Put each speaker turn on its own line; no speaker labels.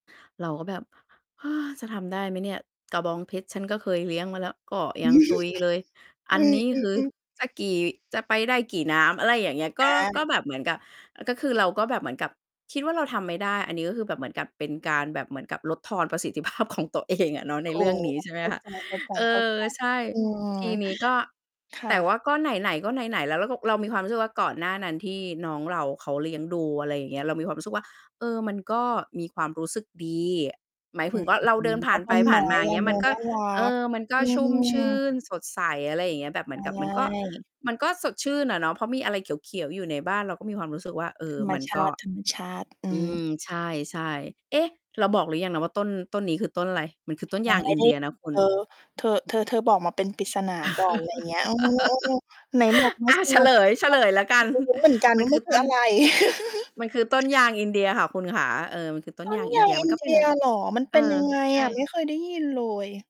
เราก็แบบ เฮ้อ จะทำได้ไหมเนี่ย กระบองเพชรฉันก็เคย เลี้ยงมาแล้ว ก็
อ
ย
ื
ัง
ม
ตุยเลย อันนี้
อื
คือ
อ ๆ ๆ
จะกี่ จะไปได้กี่น้ำ อะไรอย่างเงี้ย ก
อ
็ ก
า
็แบบเหมือนกับ อ ก็คือเราก็แบบเหมือนกับ คิดว่าเราทำไม่ได้ อันนี้ก็คือแบบเหมือนกับเป็นการแบบเหมือนกับ ลดทอนประสิทธิ ภาพของตัวเอง อะเนาะ ใน
โอ
เ
้
รื่องนี้ ใช่ไหม
เข้า
คะ
ใจ
เออ ใช่
ๆ ๆ อืม
ทีนี้ก็
ค่
แต
ะ
่ว่าก็ไหน ๆ ก็ไหน ๆ แล้วเราก็ เรามีความรู้สึกว่า ก่อนหน้านั้นที่น้องเราเขาเลี้ยงดู อะไรอย่าง เงี้ย เรามีความรู้สึกว่า เออ มันก็มีความรู้สึกดี หมาย
อ
ถ
ื
ึง
ม
ว่า เราเดินผ
ก
่า
็
น
ต
ไป
้น
ผ
ไ
่
ม
า
้
นมา
อ
เง
ะ
ี้ย
เน
ม
า
ัน
ะ
ก็
น่ารั
เอ
ก
อ มันก็
อื
ชุ่มช
ม
ื่น สดใส อะไรเงี้ย แบบเหม
ใช
ือนกับมันก็
่
มันก็สดชื่นอะเนาะ เพราะมีอะไรเขียว ๆ อยู่ในบ้าน เราก็มีความรู้สึกว่า เอ
ธ
อ
รรม
มัน
ช
ก็
าติ ๆ อื
อื
ม
ม ใช่ ๆ เอ๊ะ เราบอกหรือยังนะว่า ต้น ต้นนี้คือต้นอะไร? มันคือต้นย
ยั
า
ง
ง
ไม่
อิน
ได
เ
้
ดียนะคุ
เธ
ณ
อ เธอ เธอ เธอบอกมาเป็นปริศนา ก่อน ไรเงี้ย เออ ๆ ไหนบอกไม
อ
่
า
[unintelligible]
เฉลย เฉลยแล้วกัน
รู้เหมือนกัน
มั
ว
น
่า
ค
ม
ื
ั
อ
น ค
ต
ื
้
อ
น
อะไร
มันคือต้นยางอินเดียค่ะคุณขา เออ มันคือต้
ต
น
้
ย
น
างอ
ย
ิน
า
เด
ง
ีย
อ
มั
ิ
น
น
ก็
เ
เ
ด
ป็น
ียเหรอ? มัน
เ
เ
อ
ป
อ
็นยังไง
ใช
อะ?
่
ไม่เคยได้ยินเลย